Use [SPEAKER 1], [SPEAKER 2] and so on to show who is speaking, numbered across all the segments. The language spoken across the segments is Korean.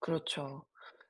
[SPEAKER 1] 그렇죠.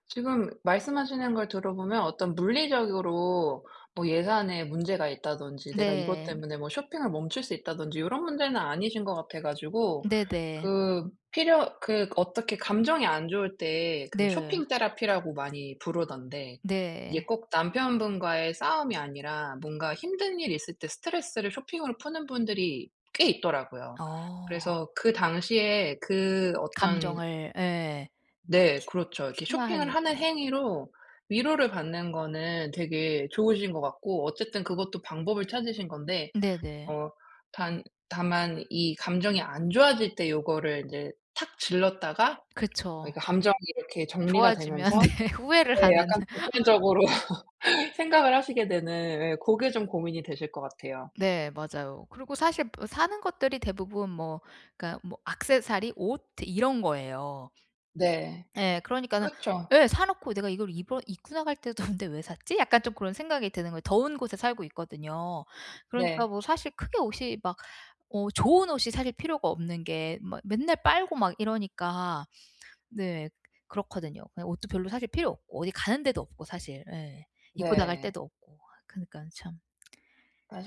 [SPEAKER 1] 지금 말씀하시는 걸 들어보면 어떤 물리적으로 뭐 예산에 문제가 있다든지 내가 이것
[SPEAKER 2] 네.
[SPEAKER 1] 때문에 뭐 쇼핑을 멈출 수 있다든지 요런 문제는 아니신 것 같아가지고.
[SPEAKER 2] 네네.
[SPEAKER 1] 그 필요 그 어떻게 감정이 안 좋을 때 그
[SPEAKER 2] 네.
[SPEAKER 1] 쇼핑 테라피라고 많이 부르던데. 이게
[SPEAKER 2] 네.
[SPEAKER 1] 꼭 남편분과의 싸움이 아니라 뭔가 힘든 일이 있을 때 스트레스를 쇼핑으로 푸는 분들이 꽤 있더라고요.
[SPEAKER 2] 어.
[SPEAKER 1] 그래서 그 당시에 그 어떤
[SPEAKER 2] 감정을. 예.
[SPEAKER 1] 네 그렇죠. 이렇게 쇼핑을 하는
[SPEAKER 2] 순화하려고.
[SPEAKER 1] 행위로 위로를 받는 거는 되게 좋으신 것 같고 어쨌든 그것도 방법을 찾으신 건데,
[SPEAKER 2] 네네.
[SPEAKER 1] 어 단 다만 이 감정이 안 좋아질 때 요거를 이제 탁 질렀다가 어
[SPEAKER 2] 그쵸.
[SPEAKER 1] 이게 감정이 이렇게 정리가
[SPEAKER 2] 좋아지면
[SPEAKER 1] 되면서
[SPEAKER 2] 네 후회를
[SPEAKER 1] 네
[SPEAKER 2] 하는.
[SPEAKER 1] 약간 객관적으로 생각을 하시게 되는 예 고게 좀 고민이 되실 것 같아요.
[SPEAKER 2] 네, 맞아요. 그리고 사실 뭐 사는 것들이 대부분 뭐 그니까 뭐 액세서리, 옷 이런 거예요.
[SPEAKER 1] 네.
[SPEAKER 2] 예, 그러니까는
[SPEAKER 1] 그쵸.
[SPEAKER 2] 예. 사놓고 '내가 이걸 입어 입고 나갈 때도 없는데 왜 샀지?' 약간 좀 그런 생각이 드는 거예요. 더운 곳에 살고 있거든요. 그러니까
[SPEAKER 1] 네.
[SPEAKER 2] 뭐 사실 크게 옷이 막 어 좋은 옷이 사실 필요가 없는 게 막 맨날 빨고 막 이러니까. 네 그렇거든요. 옷도 별로 사실 필요 없고 어디 가는 데도 없고 사실 예 입고 나갈
[SPEAKER 1] 네.
[SPEAKER 2] 데도 없고 그러니까 참.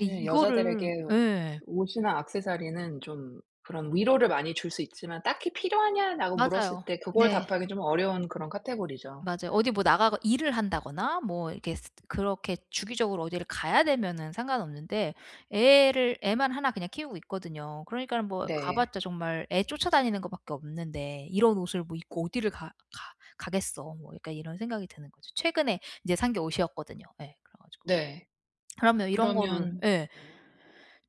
[SPEAKER 2] 예 이거를
[SPEAKER 1] 여자들에게
[SPEAKER 2] 예.
[SPEAKER 1] 옷이나 액세서리는 좀 그런 위로를 많이 줄 수 있지만 "딱히 필요하냐?"라고 물었을
[SPEAKER 2] 맞아요.
[SPEAKER 1] 때 그걸
[SPEAKER 2] 네.
[SPEAKER 1] 답하기 좀 어려운 그런 카테고리죠.
[SPEAKER 2] 맞아요. 어디 뭐 나가고 일을 한다거나 뭐 이렇게 스 그렇게 주기적으로 어디를 가야 되면은 상관없는데, 애를 애만 1 그냥 키우고 있거든요. 그러니까는 뭐 가
[SPEAKER 1] 네.
[SPEAKER 2] 봤자 정말 애 쫓아다니는 거 밖에 없는데 '이런 옷을 뭐 입고 어디를 가 가 가겠어.' 뭐 약간 이런 생각이 드는 거죠. 최근에 이제 산 게 옷이었거든요. 예, 그래 가지고.
[SPEAKER 1] 네.
[SPEAKER 2] 그러면 이런 거를
[SPEAKER 1] 그러면
[SPEAKER 2] 예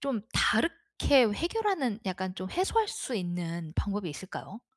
[SPEAKER 2] 좀 다르게 해결하는 약간 좀 해소할 수 있는 방법이 있을까요?